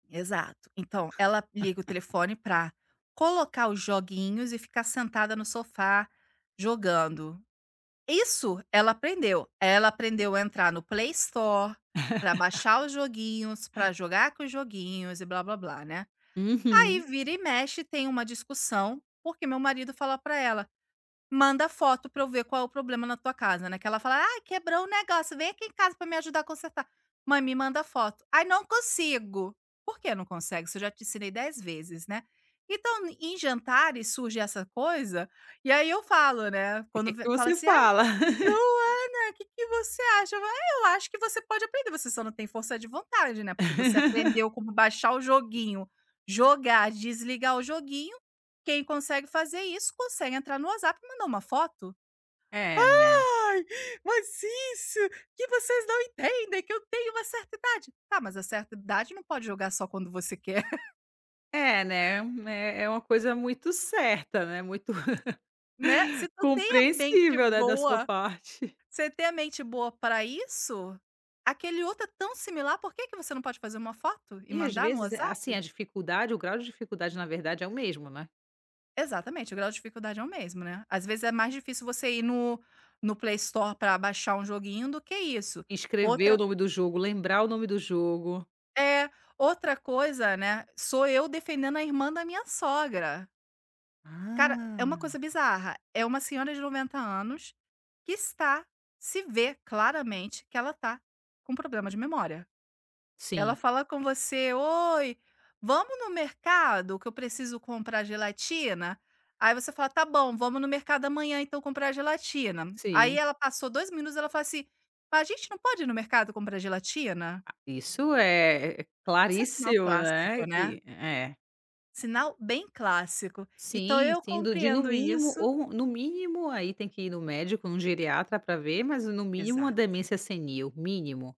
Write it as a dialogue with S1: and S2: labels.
S1: Exato, então ela liga o telefone para colocar os joguinhos e ficar sentada no sofá jogando. Isso ela aprendeu, ela aprendeu a entrar no PlayStore, para baixar os joguinhos, para jogar com os joguinhos e blá-blá-blá, né, aí
S2: Uhum.
S1: vira e mexe tem uma discussão, porque meu marido fala para ela, manda foto para eu ver qual é o problema na tua casa, né, que ela fala; "Ai quebrou o negócio, vem aqui em casa para me ajudar consertar", "Mãe me manda foto". "Ai não consigo". Por que não consegue? Isso eu já te ensinei 10 vezes, né, então em jantares surge essa coisa, e aí eu falo né, quando
S2: O que
S1: fala
S2: você
S1: assim: "Ai,
S2: fala?
S1: Luana, que que você acha?" "Eu acho você pode aprender, você só não tem força de vontade, né, porque você aprendeu como baixar o joguinho, jogar, desligar o joguinho, quem consegue fazer isso consegue entrar no WhatsApp e mandar um foto",
S2: É, né.
S1: "Ah, mas isso, que vocês não entendem que eu tenho uma certa idade", "tá, mas a certa idade não pode jogar só quando você quer".
S2: É, né, é u é é uma coisa muito certa, né, muito
S1: Né, se tu tem a mente
S2: compreensível, né, da sua
S1: boa,
S2: parte.
S1: se você tem a mente boa para isso, aquele outro é tão similar, por que que você não pode fazer uma foto e
S2: E às
S1: mandar no
S2: vezes, eh, assim,
S1: WhatsApp?
S2: a dificuldade, o grau de dificuldade na verdade é o mesmo, né.
S1: Exatamente, o grau de dificuldade é o mesmo, né, às vezes é mais difícil você ir no, no PlayStore para baixar um joguinho do que isso.
S2: Escrever o
S1: Outra
S2: nome do jogo, lembrar o nome do jogo.
S1: é, outra coisa, né, sou eu defendendo a irmã da minha sogra. Cara, é uma coisa
S2: Ah!
S1: bizarra, é uma senhora de 90 anos, que está, se vê claramente que ela tá com problema de memória. Ela
S2: Sim.
S1: fala com você: "Oi, vamos no mercado que eu preciso comprar gelatina", aí você fala: "Tá bom, vamos no mercado amanhã então comprar gelatina". Aí
S2: Sim.
S1: ela passou 2 minutos ela falou assim: "A gente não pode ir no mercado comprar gelatina"?
S2: Isso é é
S1: Isso é sinal
S2: claríssimo,
S1: clássico,
S2: né,
S1: né.
S2: que é.
S1: Sinal bem clássico, então
S2: Sim,
S1: eu
S2: sim do de no
S1: compreendo
S2: mínimo
S1: isso.
S2: ou no mínimo aí tem que ir no médico, no geriatra para ver, mas no mínimo a
S1: Exato.
S2: demência senil mínimo.